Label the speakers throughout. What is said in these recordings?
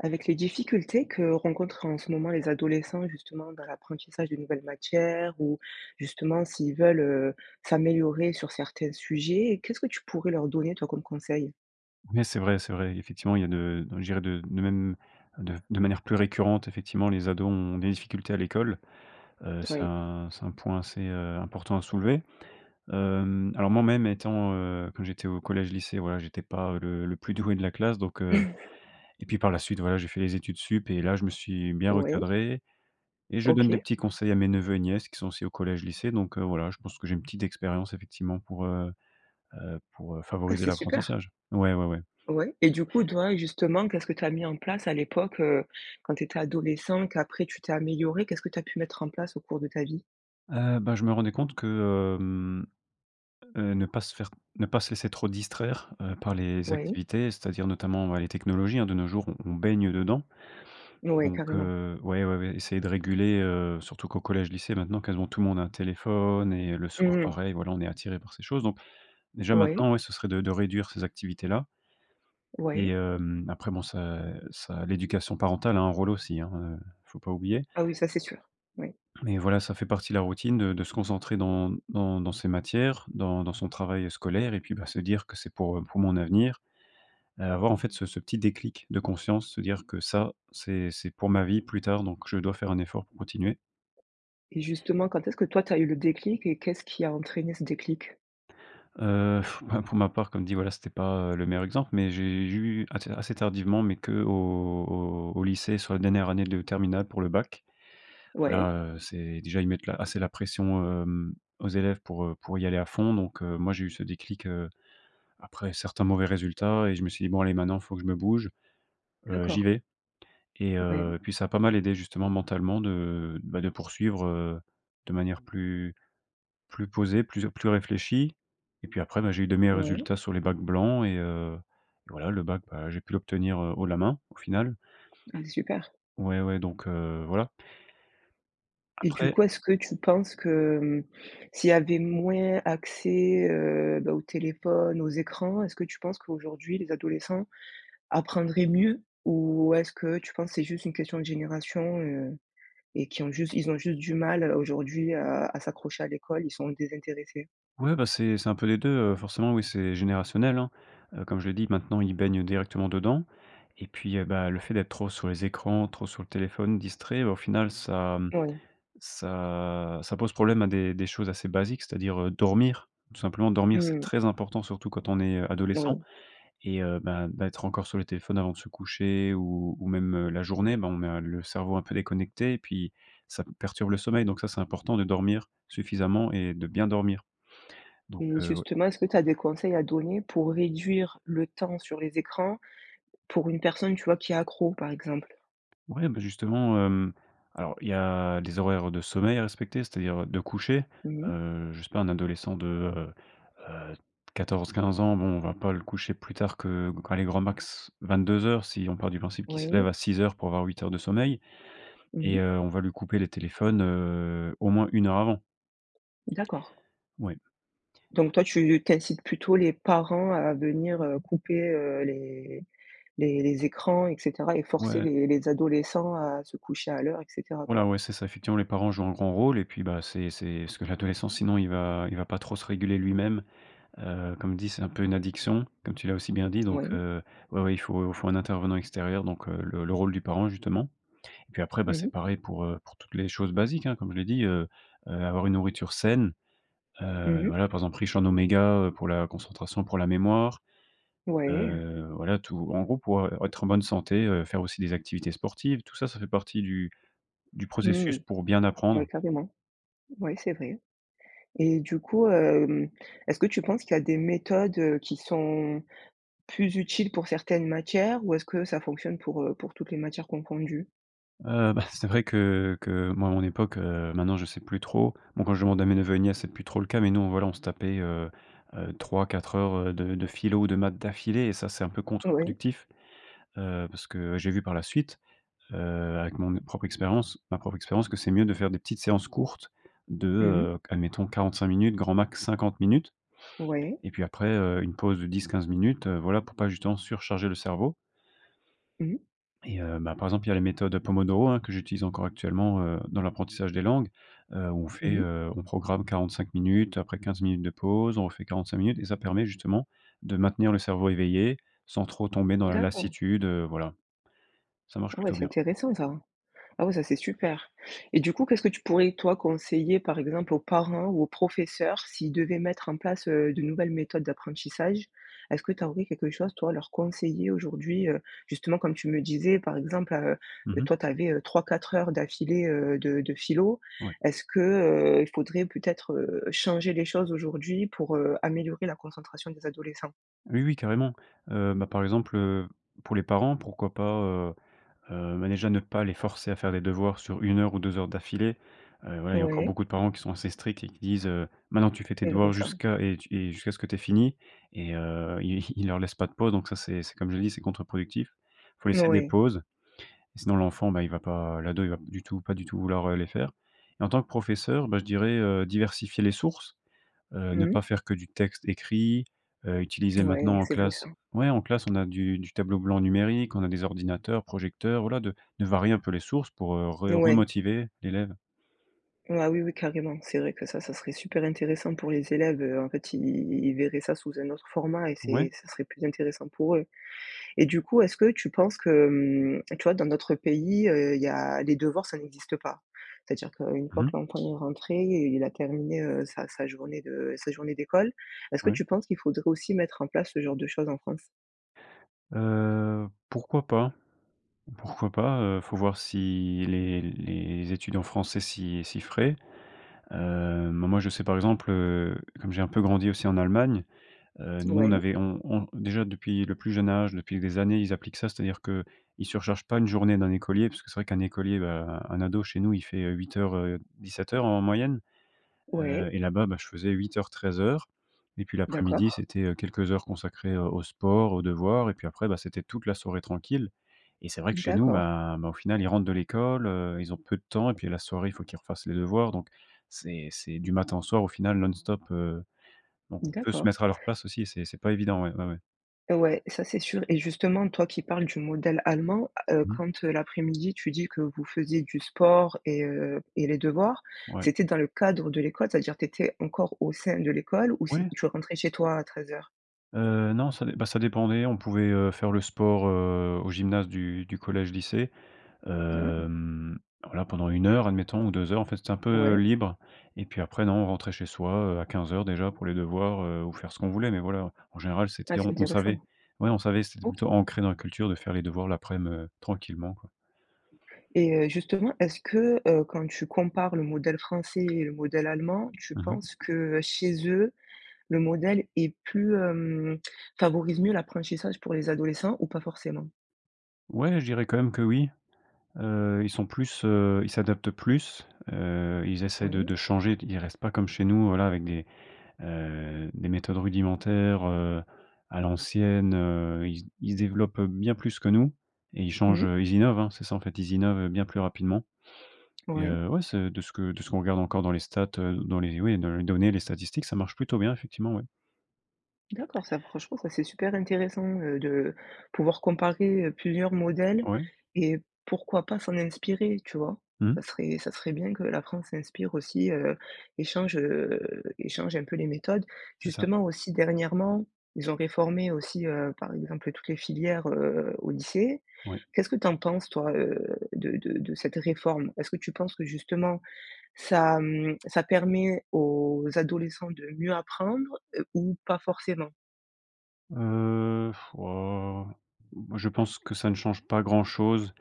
Speaker 1: Avec les difficultés que rencontrent, en ce moment, les adolescents, justement, dans l'apprentissage de nouvelles matières ou, justement, s'ils veulent, heu, s'améliorer sur certains sujets, qu'est-ce que tu pourrais leur donner, toi, comme conseil?
Speaker 2: Oui, c'est vrai, c'est vrai. Effectivement, il y a de je dirais, de même de de manière plus récurrente, effectivement, les ados ont des difficultés à l'école. Heu, c'est
Speaker 1: Oui.
Speaker 2: un c'est un point assez, heu, important à soulever. Hem, alors, moi-même, étant, heu, que j'étais au collège-lycée, voilà, j'étais pas, heu, le le plus doué de la classe, donc heu. Et puis, par la suite, voilà, j'ai fait les études supérieures et là, je me suis bien
Speaker 1: Oui.
Speaker 2: recadré et je donne des
Speaker 1: OK.
Speaker 2: petits conseils à mes neveux et nièces, qui sont aussi au collège-lycée. Donc, heu, voilà, je pense que j'ai une petite expérience, effectivement, pour heu heu, pour, heu,
Speaker 1: Ah,
Speaker 2: favoriser
Speaker 1: c'est super!
Speaker 2: l'apprentissage ouais, ouais, ouais.
Speaker 1: Ouais, et du coup, toi, justement, qu'est-ce que tu as mis en place, à l'époque, heu, quand tu étais adolescent, qu'après tu t'es amélioré, qu'est-ce que tu as pu mettre en place au cours de ta vie?
Speaker 2: Heu, bah, je me rendais compte que, hem, heu, ne pas se faire ne pas laisser trop distraire, heu, par les
Speaker 1: Oui.
Speaker 2: activités, c'est-à-dire, notamment, bah, les technologies, hein, de nos jours, on on baigne dedans.
Speaker 1: Oui,
Speaker 2: Donc
Speaker 1: carrément.
Speaker 2: heu ouais, ouais, ouais, essayer de réguler, heu, surtout qu'au collège-lycée, maintenant, quasiment tout le monde a un téléphone et heu, le soir
Speaker 1: Mmh mh.
Speaker 2: pareil, voilà, on est attiré par ces choses. Donc, déjà,
Speaker 1: Oui.
Speaker 2: maintenant, ouais, ce serait de de réduire ces activités-là et
Speaker 1: Oui.
Speaker 2: hem après, bon, ça ça l'éducation parentale a un rôle aussi, hein, heu, faut pas oublier
Speaker 1: Ah, oui, ça, c'est sûr! Oui.
Speaker 2: et voilà, ça fait partie de la routine de de se concentrer dans dans dans ces matières, dans dans son travail, heu, scolaire, et puis, bah, se dire que c'est pour, heu, pour mon avenir. Heu, avoir, en fait, ce ce petit déclic de conscience, se dire que ça, c'est c'est pour ma vie plus tard, donc je dois faire un effort pour continuer.
Speaker 1: Et justement, quand est-ce que toi tu as eu le déclic et qu'est-ce qui a entraîné ce déclic?
Speaker 2: Heu bah pour ma part, comme dit voilà, c'était pas, heu, le meilleur exemple, mais j'ai j'ai eu assez ta assez tardivement, mais que au au au lycée, soit dernière année de terminale pour le bac.
Speaker 1: Ouais.
Speaker 2: Voilà, heu, c'est déjà ils mettent la assez la pression, hem, aux élèves pour, heu, pour y aller à fond donc heu, moi, j'ai eu ce déclic, heu, après certains mauvais résultats et je me suis dit: «Bon allez maintenant, faut que je me bouge, heu, j'y
Speaker 1: D'accord.
Speaker 2: vais». Et
Speaker 1: Ouais.
Speaker 2: heu, puis ça a pas mal aidé justement mentalement de, heu, bah, de poursuivre, heu, de manière plus plus posée, plus plus réfléchie. Et puis après, bah, j'ai eu de meilleurs
Speaker 1: Ouais.
Speaker 2: résultats sur les bacs blancs et heu, voilà le bac, bah, j'ai pu l'obtenir, heu, haut la main, au final.
Speaker 1: Ah super.
Speaker 2: Ouais, ouais, donc, heu, voilà.
Speaker 1: Et du
Speaker 2: Après
Speaker 1: coup, est-ce que tu penses que, mmh, s'il y avait moins accès, heu, bah, au téléphone, aux écrans, est-ce que tu penses qu'aujourd'hui les adolescents apprendraient mieux? Ou est-ce que tu penses c'est juste une question de génération, heu? Et qui ont juste ils ont juste du mal à aujourd'hui à à s'accrocher à l'école, ils sont désintéressés?
Speaker 2: Ouais, bah, c'est c'est un peu les 2, heu, forcément oui, c'est générationnel, hein. Heu, comme je le dis, maintenant, ils baignent directement dedans. Et puis, heu, bah, le fait d'être trop sur les écrans, trop sur le téléphone, distrait, au final ça, mmh,
Speaker 1: Oui.
Speaker 2: ça ça pose problème à des des choses assez basiques. C'est-à-dire, heu, dormir. Tout simplement
Speaker 1: Mmh
Speaker 2: dormir, c'est
Speaker 1: mh.
Speaker 2: très important surtout quand on est, heu, adolescent.
Speaker 1: Oui.
Speaker 2: Et heu, bah, d'être encore sur le téléphone avant de se coucher ou ou même, heu, la journée, bah, on met à le cerveau un peu déconnecté et puis ça p perturbe le sommeil. Donc ça, c'est important de dormir suffisamment et de bien dormir. Donc
Speaker 1: Mmh
Speaker 2: heu, ouais
Speaker 1: justement est-ce que tu as des conseils à donner pour réduire le temps sur les écrans? Pour une personne, tu vois, qui est accro, par exemple?
Speaker 2: Ouais, bah, justement, hem, alors il y a les horaires de sommeil à respecter, c'est-à-dire, heu, de coucher.
Speaker 1: Mmh mh.
Speaker 2: Heu, je sais pas un adolescent de, heu heu 14-15 ans, bon, on va pas le coucher plus tard que que, allez grand max, 22:00 si on part du principe qu'il se lève
Speaker 1: Oui.
Speaker 2: à 6:00 pour avoir 8 heures de sommeil.
Speaker 1: Mmh
Speaker 2: Et,
Speaker 1: mh.
Speaker 2: heu, on va lui couper les téléphones, heu, au moins 1 heure avant.
Speaker 1: D'accord.
Speaker 2: Ouais.
Speaker 1: Donc toi tu tu incites plutôt les parents à venir, heu, couper, heu, les les les écrans et cetera? Et forcer
Speaker 2: Ouais.
Speaker 1: les les adolescents à se coucher à l'heure et cetera
Speaker 2: Voilà,
Speaker 1: quoi?
Speaker 2: ouais, c'est ça. Effectivement, les parents jouent un grand rôle. Et puis, bah c'est c'est ce que l'adolescent, sinon il va il va pas trop se réguler lui-même. Heu, comme dit, c'est un peu une addiction, comme tu l'as aussi bien dit. Donc
Speaker 1: Oui.
Speaker 2: heu. Ouais ouais, il faut faut un intervenant extérieur, donc heu, le le rôle du parent justement. Et puis après, bah,
Speaker 1: Mmh
Speaker 2: c'est
Speaker 1: mh.
Speaker 2: pareil pour, heu, pour toutes les choses basiques, hein, comme je l'ai dit, heu heu, avoir une nourriture saine.
Speaker 1: Mmh
Speaker 2: Heu,
Speaker 1: mh.
Speaker 2: voilà, par exemple, riche en oméga, heu, pour la concentration, pour la mémoire.
Speaker 1: Ouais.
Speaker 2: Heu, voilà tout en gros pour, heu, être en bonne santé, heu, faire aussi des activités sportives. Tout ça, ça fait partie du du
Speaker 1: Mmh.
Speaker 2: processus pour bien
Speaker 1: Ouais,
Speaker 2: apprendre.
Speaker 1: carrément. Ouais, c'est vrai. Et du coup, hem, est-ce que tu penses qu'il y a des méthodes, heu, qui sont plus utiles pour certaines matières? Ou est-ce que ça fonctionne pour, heu, pour toutes les matières confondues?
Speaker 2: Heu, bah c'est vrai que que moi à mon époque, heu, maintenant je sais plus trop. Bon quand je demande à mes neveux et nièces, c'est plus trop le cas, mais nous, voilà, on se tapait, heu heu, 3-4 heures, heu, de de philo ou de maths d'affilée et ça c'est un peu
Speaker 1: Oui.
Speaker 2: contre-productif. Heu, parce que j'ai vu par la suite, heu, avec mon propre expérience ma propre expérience que c'est mieux de faire des petites séances courtes de,
Speaker 1: Mmh mh.
Speaker 2: heu, admettons 45 minutes, grand max 50 minutes,
Speaker 1: Ouais.
Speaker 2: et puis après, heu, une pause de 10-15, heu, voilà pour pas justement surcharger le cerveau
Speaker 1: Mmh.
Speaker 2: et heu, ben, par exemple, il y a la méthode, heu, Pomodoro, hein, que j'utilise encore actuellement, heu, dans l'apprentissage des langues, heu, on
Speaker 1: Mmh
Speaker 2: fait,
Speaker 1: mh.
Speaker 2: heu, on programme 45 minutes, après 15 minutes de pause. On refait 45 minutes, et ça permet, justement, de maintenir le cerveau éveillé, sans trop tomber dans la
Speaker 1: D'accord.
Speaker 2: lassitude, heu, voilà. Ça marche
Speaker 1: Ouais
Speaker 2: plutôt
Speaker 1: c'est
Speaker 2: bien.
Speaker 1: intéressant ça. Ah oui ça c'est super! Et du coup qu'est-ce que tu pourrais toi conseiller par exemple aux parents ou aux professeurs s'ils devaient mettre en place, heu, de nouvelles méthodes d'apprentissage. Est-ce que tu aurais quelque chose toi, à leur conseiller aujourd'hui? Heu, justement comme tu me disais par exemple, heu
Speaker 2: Mmh
Speaker 1: heu,
Speaker 2: mh.
Speaker 1: toi tu avais 3-4 heures d'affilée, heu, de de philo.
Speaker 2: Ouais.
Speaker 1: Est-ce que, heu, il faudrait peut-être, heu, changer les choses aujourd'hui pour, heu, améliorer la concentration des adolescents?
Speaker 2: Oui, oui, carrément. Heu bah, par exemple, heu, pour les parents, pourquoi pas, heu heu, bah, déjà ne pas les forcer à faire des devoirs sur 1 heure ou 2 heures d'affilée. Heu, ouais, il y a encore
Speaker 1: Ouais.
Speaker 2: beaucoup de parents qui sont assez stricts et qui disent, heu: «Maintenant, tu fais tes
Speaker 1: C'est vrai
Speaker 2: devoirs
Speaker 1: ça.
Speaker 2: jusqu'à et t, et jusqu'à ce que t'aies fini». Et heu, ils ils leur laissent pas de pause. Donc ça, c'est c'est comme je dis, c'est contre-productif. Il faut laisser des
Speaker 1: Ouais.
Speaker 2: pauses, sinon l'enfant, bah, il va pas l'ado, il va pas du tout pas du tout vouloir, heu, les faire. Et en tant que professeur, bah, je dirais, heu, diversifier les sources. Heu, ne
Speaker 1: Mmh mh.
Speaker 2: pas faire que du texte écrit. Heu, utiliser
Speaker 1: Ouais,
Speaker 2: maintenant, en
Speaker 1: c'est vrai ça.
Speaker 2: classe. Ouais, en classe, on a du du tableau blanc numérique, on a des ordinateurs, projecteurs. Voilà, de de varier un peu les sources pour, heu, re
Speaker 1: Ouais.
Speaker 2: remotiver l'élève.
Speaker 1: Ah oui oui, carrément. C'est vrai que ça, ce serait super intéressant pour les élèves. Heu, en fait, ils ils ils verraient ça sous un autre format et c'est
Speaker 2: Ouais.
Speaker 1: ça serait plus intéressant pour eux. Et du coup, est-ce que tu penses que, mmh, tu vois, dans d'autres pays, heu, il y a les devoirs, ça n'existe pas? C'est-à-dire qu'une
Speaker 2: Mmh
Speaker 1: fois que
Speaker 2: mh.
Speaker 1: l'enfant est rentré et il a terminé, heu, sa sa journée de sa journée d'école. Est-ce que
Speaker 2: Ouais.
Speaker 1: tu penses qu'il faudrait aussi mettre en place ce genre de choses en France?
Speaker 2: Heu, pourquoi pas pourquoi pas? Heu, faut voir si les les études en France s'y s'y feraient. Heu, mais moi, je sais, par exemple, heu, comme j'ai un peu grandi aussi en Allemagne, heu, nous, on
Speaker 1: Ouais.
Speaker 2: avait on on déjà depuis le plus jeune âge, depuis des années, ils appliquent ça. C'est-à-dire que ils surchargent pas une journée d'un écolier. Parce que c'est vrai qu'un écolier, bah, un ado chez nous, il fait, heu 08:00, heu, 17:00 en moyenne.
Speaker 1: Ouais.
Speaker 2: Heu, et là-bas, bah, je faisais 08:00 13:00. Et puis l'après-midi,
Speaker 1: D'accord.
Speaker 2: c'était, heu, quelques heures consacrées au au sport, aux devoirs, et puis après, bah, c'était toute la soirée tranquille. Et c'est vrai que chez nous,
Speaker 1: D'accord.
Speaker 2: bah bah, au final, ils rentrent de l'école, heu, ils ont peu de temps et puis, la soirée, il faut qu'ils refassent les devoirs. Donc, c'est c'est du matin au soir, au final, non-stop. Heu donc, on peut se
Speaker 1: D'accord.
Speaker 2: mettre à leur place aussi, c'est c'est pas évident. Ouais ouais ouais.
Speaker 1: Ouais, ça, c'est sûr. Et justement, toi qui parles du modèle allemand, heu,
Speaker 2: Mmh.
Speaker 1: quand l'après-midi tu dis que vous faisiez du sport et heu, et les devoirs,
Speaker 2: Ouais.
Speaker 1: c'était dans le cadre de l'école? C'est-à-dire que t'étais encore au sein de l'école ou c'est
Speaker 2: Ouais.
Speaker 1: il faut rentrer chez toi à 13:00?
Speaker 2: Heu, non ça dep bah, ça dépendait. On pouvait, heu, faire le sport, heu, au gymnase du du collège lycée,
Speaker 1: Ah.
Speaker 2: hem, alors, là, pendant 1 heure admettons ou 2 heures. En fait, c'était un peu
Speaker 1: Ouais.
Speaker 2: libre. Et puis après, non, on rentrait chez soit, heu, à 15:00 déjà, pour les devoirs, heu, ou faire ce qu'on voulait. Mais voilà, en général
Speaker 1: Ah,
Speaker 2: c'était
Speaker 1: c'est
Speaker 2: on on savait.
Speaker 1: intéressant.
Speaker 2: Ouais, on savait c'était
Speaker 1: OK.
Speaker 2: plutôt ancré dans la culture de faire les devoirs l'aprem, heu, tranquillement, quoi.
Speaker 1: Et heu, justement, est-ce que, heu, quand tu compares le modèle français et le modèle allemand, tu
Speaker 2: Mmh mh.
Speaker 1: penses que, chez eux, le modèle est plus, hem, favorise mieux l'apprentissage pour les adolescents ou pas forcément?
Speaker 2: Ouais, je dirais quand même que oui. Heu, ils sont plus, heu, ils s'adaptent plus. Heu, ils essaient de
Speaker 1: Oui.
Speaker 2: de changer de ils restent pas comme chez nous, voilà, avec des, heu, des méthodes rudimentaires, heu, à l'ancienne. Heu, ils se ils développent bien plus que nous et ils changent,
Speaker 1: Mmh.
Speaker 2: ils innovent. Hein, c'est ça, en fait, ils innovent bien plus rapidement. Et
Speaker 1: Ouais.
Speaker 2: heu, ouais, c'est de ce que de ce qu'on regarde encore dans les stats, heu, dans les oui dans les données les statistiques, ça marche plutôt bien, effectivement. Ouais.
Speaker 1: D'accord, ça, franchement ça, c'est super intéressant, heu, de pouvoir comparer, heu, plusieurs modèles
Speaker 2: Ouais.
Speaker 1: et pourquoi pas, s'en inspirer, tu vois? Ca
Speaker 2: Mmh.
Speaker 1: serait ça serait bien que la France s'inspire aussi, heu, et change heu, et change un peu les méthodes.
Speaker 2: C'est ça.
Speaker 1: Justement, aussi dernièrement, ils ont réformé aussi, heu, par exemple, toutes les filières, heu, au lycée.
Speaker 2: Ouais.
Speaker 1: Qu'est-ce que tu en penses, toi, heu, de de de cette réforme? Est-ce que tu penses que, justement, ça mmh, ça permet aux adolescents de mieux apprendre, heu, ou pas forcément?
Speaker 2: Heu, pff, oh, moi, je pense que ça ne change pas grand-chose,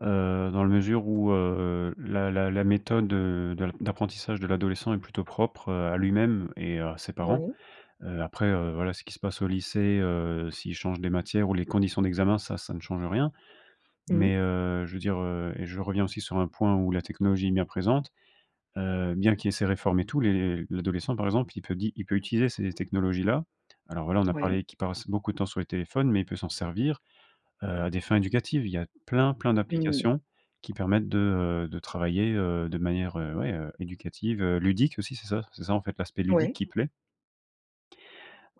Speaker 2: heu, dans la mesure où, heu, la la la méthode, heu, d'ap d'apprentissage de l'adolescent est plutôt propre, heu, à lui-même et à ses parents.
Speaker 1: Oui.
Speaker 2: Heu, après, heu, voilà, ce qui se passe au lycée, heu, s'ils changent des matières ou les conditions d'examen, ça ça ne change rien. Mais
Speaker 1: Mmh.
Speaker 2: heu, je veux dire heu, et je reviens aussi sur un point où la technologie est bien présente.e Heu, bien qu'il y ait ces réformes et tout, les l'adolescent, par exemple, il peut di il peut utiliser ces technologies-là. Alors voilà, on a
Speaker 1: Ouais.
Speaker 2: parlé qu'il passe beaucoup de temps sur les téléphones, mais il peut s'en servir, heu, à des fins éducatives. Il y a plein plein
Speaker 1: Mmh.
Speaker 2: d'applications qui permettent de, heu, de travailler, heu, de manière, heu, ouais, éducative, ludique aussi. C'est ça c'est ça, en fait, l'aspect ludique
Speaker 1: Ouais.
Speaker 2: qui plaît.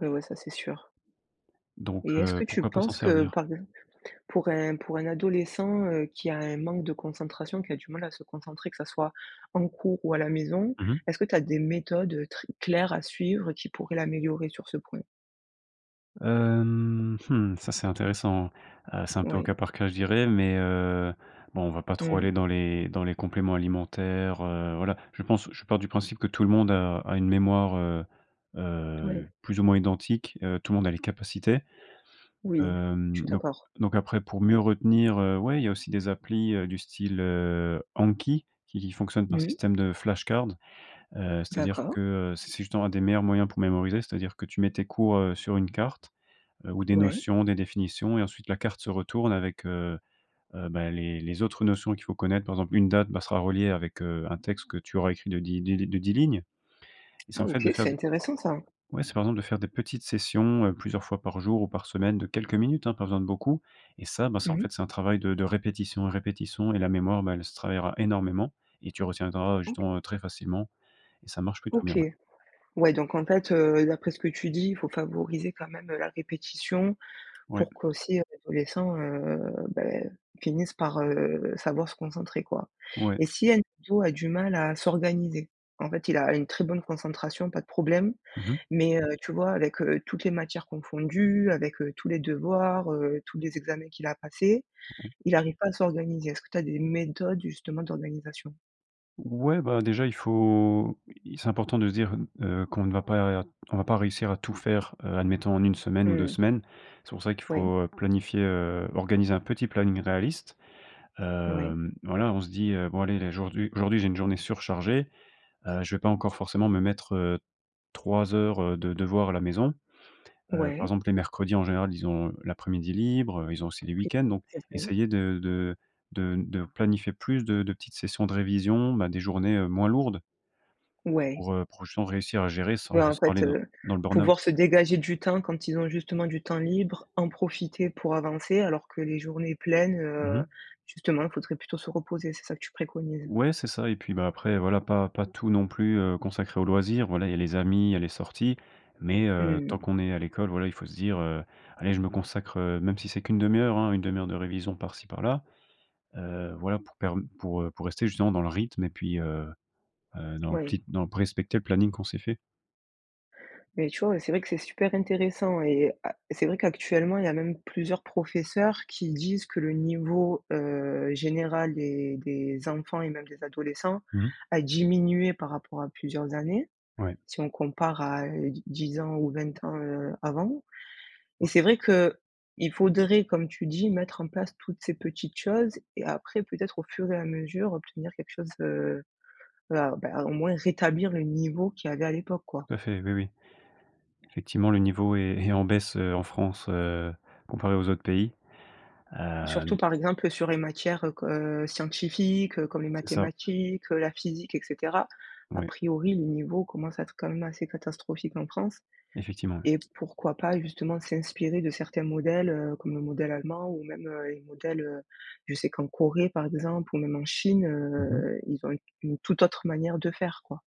Speaker 1: Ouais, ouais, ça, c'est sûr.
Speaker 2: Donc
Speaker 1: Et est-ce
Speaker 2: heu,
Speaker 1: que tu
Speaker 2: pourquoi pas s'en
Speaker 1: penses que,
Speaker 2: servir?
Speaker 1: par pour un pour un adolescent, heu, qui a un manque de concentration, qui a du mal à se concentrer, que ça soit en cours ou à la maison?
Speaker 2: Mmh mh.
Speaker 1: Est-ce que tu as des méthodes, heu, très claires à suivre qui pourraient l'améliorer sur ce point?
Speaker 2: Hem mmh. Ça, c'est intéressant. Heu, c'est un peu au cas
Speaker 1: Oui.
Speaker 2: par cas, je dirais mais heu, bon, on va pas trop
Speaker 1: Mmh.
Speaker 2: aller dans les dans les compléments alimentaires, heu, voilà, je pense je pars du principe que tout le monde a a une mémoire, heu, heu,
Speaker 1: Oui.
Speaker 2: plus ou moins identique, heu, tout le monde a les capacités.
Speaker 1: Oui, je
Speaker 2: Hem
Speaker 1: suis
Speaker 2: donc
Speaker 1: d'accord.
Speaker 2: donc après, pour mieux retenir, heu, ouais, il y a aussi des applis, heu, du style, heu, Anki qui qui fonctionne par
Speaker 1: Mmh mh.
Speaker 2: système de flashcards. Heu, c'est-à-dire
Speaker 1: D'accord.
Speaker 2: que, heu, c'est c'est justement un des meilleurs moyens pour mémoriser. C'est-à-dire que tu mets tes cours, heu, sur une carte, heu, ou des
Speaker 1: Ouais.
Speaker 2: notions, des définitions et ensuite la carte se retourne avec, heu, heu, bah les les autres notions qu'il faut connaître. Par exemple, une date, bah, sera reliée avec, heu, un texte que tu auras écrit de di de de 10 lignes. Et c'est
Speaker 1: Ah
Speaker 2: en fait de
Speaker 1: OK
Speaker 2: faire
Speaker 1: c'est
Speaker 2: de
Speaker 1: intéressant ça.
Speaker 2: ouais, c'est par exemple de faire des petites sessions, heu, plusieurs fois par jour ou par semaine de quelques minutes hein, pas besoin de beaucoup et ça, bah, c'est en
Speaker 1: Mmh.
Speaker 2: fait, c'est un travail de de répétition et répétition, et la mémoire, bah elle se travaillera énormément et tu retiendras, heu,
Speaker 1: OK.
Speaker 2: justement, heu, très facilement et ça marche plutôt bien
Speaker 1: OK
Speaker 2: ouais.
Speaker 1: ouais donc en fait, heu, d'après ce que tu dis, faut favoriser quand même la répétition,
Speaker 2: Ouais.
Speaker 1: pour qu'aussi l'adolescent, heu, beh, finisse par, heu, savoir se concentrer quoi.
Speaker 2: Ouais.
Speaker 1: Et si un ado a du mal à s'organiser, en fait il a une très bonne concentration, pas de problème
Speaker 2: Mmh mh.
Speaker 1: mais heu, tu vois avec, heu, toutes les matières confondues, avec, heu, tous les devoirs, heu, tous les examens qu'il a à passer,
Speaker 2: OK.
Speaker 1: il arrive pas à s'organiser. Est-ce que tu as des méthodes justement d'organisation?
Speaker 2: Ouais, bah déjà il faut, il c'est important de se dire n heu, qu'on ne va pas on va pas réussir à tout faire, heu, admettons en 1 semaine ou 2
Speaker 1: Mmh.
Speaker 2: semaines. C'est pour ça qu'il
Speaker 1: Ouais.
Speaker 2: faut, heu, planifier, heu, organiser un petit planning réaliste.
Speaker 1: Ouais.
Speaker 2: Hem, voilà, on se dit: «Heu, bon allez, là aujourd'hui- aujourd'hui, j'ai une journée surchargée, heu, je vais pas encore forcément me mettre, heu, 3 heures, heu, de devoir à la maison» heu, par
Speaker 1: Ouais.
Speaker 2: exemple, les mercredis en général, ils ont, heu, l'après-midi libre, ils ont aussi les
Speaker 1: OK.
Speaker 2: week-ends, donc
Speaker 1: C'est vrai.
Speaker 2: essayer de de de n de planifier plus de de petites sessions de révision, bah des journées, heu, moins lourdes
Speaker 1: Ouais.
Speaker 2: pour, heu, pour justement réussir à gérer sans
Speaker 1: Ouais en
Speaker 2: sans
Speaker 1: fait,
Speaker 2: aller dans
Speaker 1: heu,
Speaker 2: dans le burn-out.
Speaker 1: pouvoir se dégager du temps quand ils ont justement du temps libre, en profiter pour avancer alors que les journées pleines,
Speaker 2: Mmh
Speaker 1: heu,
Speaker 2: mh.
Speaker 1: justement il faudrait plutôt se reposer, c'est ça que tu préconises?
Speaker 2: Ouais, c'est ça et puis, bah après, voilà, pas pas tout non plus, heu, consacrer aux loisirs. Voilà, il y a les amis, il y a les sorties. Mais heu,
Speaker 1: Mmh.
Speaker 2: tant qu'on est à l'école, voilà, il faut se dire, heu: «Allez je me consacre, heu» même si c'est qu'une demi-heure hein, une demi-heure de révision par-ci par-là. Heu, voilà, pour perm pour, heu, pour rester justement dans le rythme et puis, heu, heu, dans le
Speaker 1: Oui.
Speaker 2: pli dans le p respecter le planning qu'on s'est fait.
Speaker 1: Beh tu vois c'est vrai que c'est super intéressant et à c'est vrai qu'actuellement il y a même plusieurs professeurs qui disent que le niveau, heu, général des des enfants et même des adolescents
Speaker 2: Mmh.
Speaker 1: a diminué par rapport à plusieurs années,
Speaker 2: Ouais.
Speaker 1: si on compare à d dix ans ou 20 ans, heu, avant. Et
Speaker 2: Ouais.
Speaker 1: c'est vrai qu'il faudrait comme tu dis mettre en place toutes ces petites choses et après peut-être, au fur et à mesure obtenir quelque chose, heu, voilà ben, au moins rétablir le niveau qu'il y avait à l'époque quoi.
Speaker 2: Tout à fait, oui oui. Effectivement, le niveau est est en baisse, heu, en France, heu, comparé aux autres pays,
Speaker 1: Surtout
Speaker 2: hem
Speaker 1: par exemple sur les matières q heu, scientifiques comme les
Speaker 2: C'est ça.
Speaker 1: mathématiques, la physique et cetera, a
Speaker 2: Oui.
Speaker 1: priori le niveau commence à être quand même assez catastrophique en France
Speaker 2: Effectivement, oui.
Speaker 1: et pourquoi pas justement s'inspirer de certains modèles, heu, comme le modèle allemand ou même, heu, les modèles heu, je sais qu'en Corée par exemple ou même en Chine,
Speaker 2: Mmh mh.
Speaker 1: heu, ils ont une une toute autre manière de faire quoi.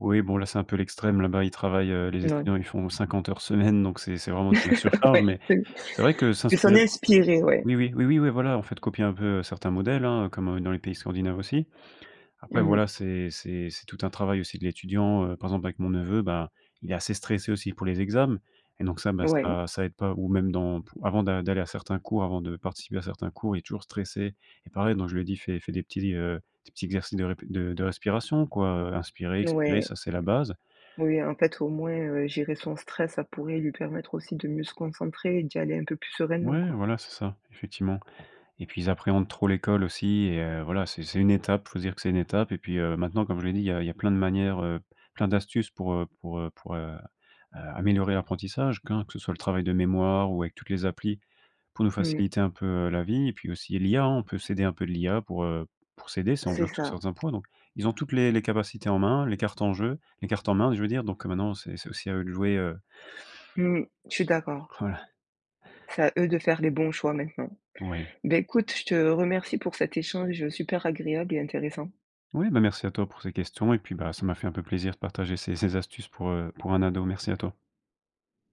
Speaker 2: Oui bon là c'est un peu l'extrême. Là-bas ils travaillent, heu, les
Speaker 1: Mouais.
Speaker 2: étudiants ils font 50 heures semaine donc c'est c'est vraiment de la surcharge
Speaker 1: Ouais
Speaker 2: mais
Speaker 1: mais
Speaker 2: c'est vrai que
Speaker 1: s'en
Speaker 2: s'inspirer
Speaker 1: est
Speaker 2: d
Speaker 1: inspirer ouais.
Speaker 2: oui oui, oui, oui, ouais voilà en fait copier un peu, heu, certains modèles hein, comme dans les pays scandinaves aussi. Après
Speaker 1: Mmh mh.
Speaker 2: voilà, c'est c'est c'est tout un travail aussi de l'étudiant, heu, par exemple avec mon neveu, ben, il est assez stressé aussi pour les exams et donc ça ben
Speaker 1: Ouais.
Speaker 2: ça ça aide pas ou même dans pou avant d'a d'aller à certains cours avant de participer à certains cours, il est toujours stressé et pareil donc je lui ai dit: «Fais fais des petits, heu, des petits exercices de rép de de respiration quoi heu, inspirer, expirer,
Speaker 1: Ouais.
Speaker 2: ça c'est la base».
Speaker 1: Oui en fait au moins, heu, gérer son stress, ça pourrait lui permettre aussi de mieux se concentrer et d'y aller un peu plus sereinement
Speaker 2: Ouais
Speaker 1: quoi.
Speaker 2: voilà, c'est ça effectivement. Et puis ils appréhendent trop l'école aussi et heu, voilà, c'est c'est une étape, faut se dire que c'est une étape. Et puis, heu, maintenant, comme je l'ai dit, il y a il y a plein de manières, heu, p plein d'astuces pour, heu, pour, heu, pour a heu, améliorer l'apprentissage, q hein que ce soit le travail de mémoire ou avec toutes les applis, pour nous
Speaker 1: Mmh.
Speaker 2: faciliter un peu, heu, la vie. Et puis aussi l'IA, hein, on peut s'aider un peu de l'IA pour, heu, p pour s'aider, si on
Speaker 1: C'est
Speaker 2: bloque sur
Speaker 1: ça.
Speaker 2: certains points. Donc, ils ont toutes les les capacités en main, les cartes en jeu, les cartes en main, je veux dire donc heu, maintenant c'est c'est aussi à eux de jouer, heu
Speaker 1: Mmh. Je suis d'accord.
Speaker 2: Voilà.
Speaker 1: C'est à eux de faire les bons choix maintenant.
Speaker 2: Ouais.
Speaker 1: Beh, écoute je te remercie pour cet échange super agréable et intéressant.
Speaker 2: Oui, bah merci à toi pour ces questions et puis bah, ça m'a fait un peu plaisir de partager ces ces astuces pour, heu, pour un ado. Merci à toi.